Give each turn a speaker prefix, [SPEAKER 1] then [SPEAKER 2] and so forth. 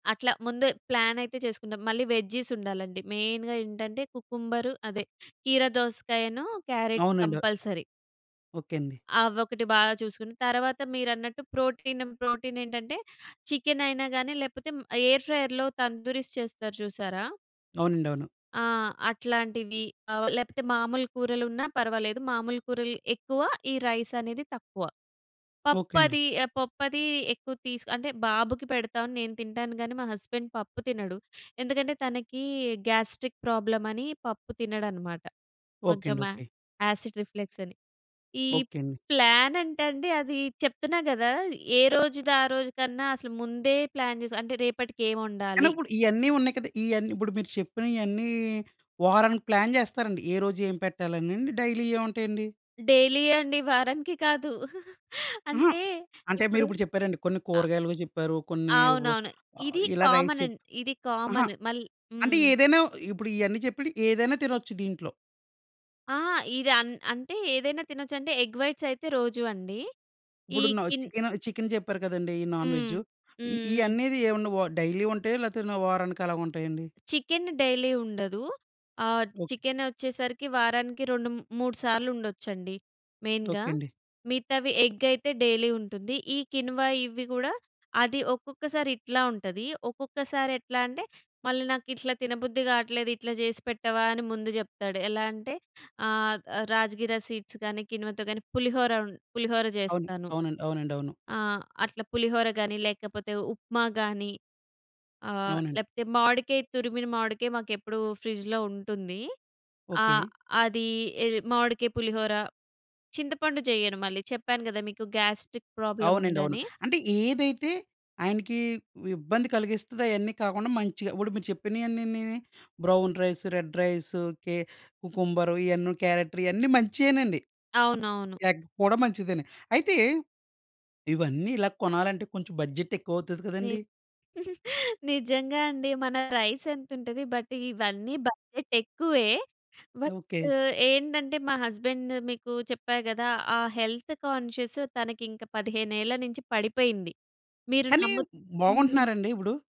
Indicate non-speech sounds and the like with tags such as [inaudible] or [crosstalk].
[SPEAKER 1] అట్లా ముందే ప్లాన్ అయితే చేసుకుంటాం. మళ్ళీ వెజ్జీస్ ఉండాలండి. మెయిన్‌గా ఏంటంటే కుకుంబరు అదే కీర దోసకాయను, క్యారెట్
[SPEAKER 2] అవునండి.
[SPEAKER 1] కంపల్సరీ.
[SPEAKER 2] ఓకే అండి.
[SPEAKER 1] అవొకటి బాగా చూసుకుని, తర్వాత మీరన్నట్టు ప్రోటీనమ్ ప్రోటీన్ ఏంటంటే చికెన్ అయినా గాని లేకపోతే మ్ ఎయిర్ ఫ్రైయర్‌లో తందూరిస్ చేస్తారు చూసారా?
[SPEAKER 2] అవునండి. అవును.
[SPEAKER 1] ఆ! అట్లాంటివి. ఆహ్, లేపోతే మామూలు కూరలున్నా పర్వాలేదు. మామూలు కూరలు ఎక్కువ. ఈ రైస్ అనేది తక్కువ.
[SPEAKER 2] ఓకే అండి.
[SPEAKER 1] పప్పది ఆహ్, పప్పుది ఎక్కువ తీసు అంటే బాబుకి పెడతాను. నేను తింటాను గాని, మా హస్బెండ్ పప్పు తినడు. ఎందుకంటే తనకి గాస్ట్రిక్ ప్రాబ్లమ్ అని పప్పు తినడనమాట.
[SPEAKER 2] ఓకే
[SPEAKER 1] కొంచెం
[SPEAKER 2] అండి.
[SPEAKER 1] ఆ
[SPEAKER 2] ఓకే.
[SPEAKER 1] యాసిడ్ రిఫ్లెక్స్ అని. ఈ
[SPEAKER 2] ఓకే అండి.
[SPEAKER 1] ప్లాన్ అంటే అండి అది చెప్తున్నా గదా! ఏ రోజుదారోజు కన్నా అసలు ముందే ప్లాన్ జేస్ అంటే
[SPEAKER 2] కానీ
[SPEAKER 1] రేపటికేమొండాలి?
[SPEAKER 2] ఇప్పుడు ఇయన్నీ ఉన్నాయి కదా! ఇయన్నీ ఇప్పుడు మీరు చెప్పినయన్నీ వారానికి ప్లాన్ జేస్తారండి. ఏ రోజు ఏం పెట్టాలని అండి. డైలీ ఇయే ఉంటాయండి?
[SPEAKER 1] డైలీ అండి. వారానికి కాదు. [laughs]
[SPEAKER 2] అహా!
[SPEAKER 1] అంటే
[SPEAKER 2] అంటే
[SPEAKER 1] ఇప్పుడు
[SPEAKER 2] మీరిప్పుడు చెప్పారండి. కొన్ని కూరగాయలువి చెప్పారు. కొన్ని వ
[SPEAKER 1] అవునవును. ఇది
[SPEAKER 2] ఇలా రైస్
[SPEAKER 1] కామనం
[SPEAKER 2] చెప్
[SPEAKER 1] ఇది
[SPEAKER 2] అహా!
[SPEAKER 1] కామన్ మళ్
[SPEAKER 2] అంటే
[SPEAKER 1] హ్మ్.
[SPEAKER 2] ఏదైనా ఇప్పుడు ఇయన్నీ చెప్పెడియి ఏదైనా తినొచ్చు దీంట్లో.
[SPEAKER 1] ఆ! ఇది అన్ అంటే ఏదైనా తినొచ్చంటే ఎగ్ వైట్స్ అయితే రోజూ అండి. ఈ
[SPEAKER 2] ఇప్పుడును న
[SPEAKER 1] కిన్
[SPEAKER 2] చికెన్ చికెన్ చెప్పారు కదండీ! ఇయ్యి
[SPEAKER 1] హ్మ్.
[SPEAKER 2] నాన్‌వెజ్జు
[SPEAKER 1] హ్మ్.
[SPEAKER 2] ఇయ్
[SPEAKER 1] హ్మ్.
[SPEAKER 2] ఇయ్యనేది ఏవన్నా వా డైలీ ఉంటాయా? లేతే న వారానికి అలాగుంటాయా అండి?
[SPEAKER 1] చికెన్ డైలీ ఉండదు. ఆహ్,
[SPEAKER 2] ఓకే.
[SPEAKER 1] చికెన్ ఒచ్చేసరికి వారానికి 2 మ్ మూడు సార్లుండొచ్చండి. మెయిన్‌గా.
[SPEAKER 2] ఓకే అండి.
[SPEAKER 1] మిగతావి ఎగ్ అయితే డైలీ ఉంటుంది. ఈ కిన్వా ఇవ్వి గూడా అది ఒక్కొక్కసారి ఇట్లా ఉంటది. ఒక్కొక్కసారి ఎట్లా అంటే, మళ్ళీ నాకు ఇట్లా తినబుద్ధి గాట్లేదు. ఇట్లా జేసి పెట్టవా, అని ముందు జెప్తాడు. ఎలా అంటే ఆహ్, రాజ్‌గిర సీడ్స్ గానీ కిన్వతో గానీ పులిహోర ఉం పులిహోర
[SPEAKER 2] అవును.
[SPEAKER 1] జేస్తాను.
[SPEAKER 2] అవునండి. అవునండి. అవును.
[SPEAKER 1] ఆ! అట్లా పులిహోర గాని, లేకపోతే ఉప్మా గాని ఆహ్,
[SPEAKER 2] అవునండి.
[SPEAKER 1] లేకపోతే మావిడికాయ తురిమిన మావిడికాయ మాకెప్పుడు ఫ్రిడ్జ్‌లో ఉంటుంది. ఆ!
[SPEAKER 2] ఓకే.
[SPEAKER 1] అది ఎ మామిడికాయ, పులిహోర చింతపండు చెయ్యను మళ్ళీ. చెప్పాను గదా! మీకు గాస్ట్రిక్ ప్రాబ్లం
[SPEAKER 2] అవునండి అవును.
[SPEAKER 1] ఉందని.
[SPEAKER 2] అంటే, ఏదైతే ఆయనకి ఇబ్బంది కలిగిస్తదో అయన్నీ కాకుండా మంచిగా, ఇప్పుడు మీరు చెప్పినయన్నినీని బ్రౌన్ రైస్, రెడ్ రైస్, కే కుకుంబరు ఇయన్నీ క్యారటు రు ఇయన్నీ మంచియేనండి.
[SPEAKER 1] అవునవును.
[SPEAKER 2] ఎగ్ కూడా మంచిదేనే. అయితే ఇవన్నీ ఇలా కొనాలంటే, కొంచెం బడ్జెట్ ఎక్కువ అవుతది
[SPEAKER 1] ని
[SPEAKER 2] గదండీ!
[SPEAKER 1] [giggles] నిజంగా అండి. మన రైస్ ఎంతుంటది. బట్ ఇవన్నీ బడ్జెట్ ఎక్కువే. But
[SPEAKER 2] okay.
[SPEAKER 1] ఏంటంటే మా హస్బెండ్ మీకు చెప్పా గదా! ఆ హెల్త్ కాన్షియస్ తనకింక 15ఏళ్ల నుంచి పడిపోయింది. మీరు
[SPEAKER 2] కానీ
[SPEAKER 1] నమ్ము హ్మ్.
[SPEAKER 2] బాగుంటున్నారా అండి ఇప్పుడు?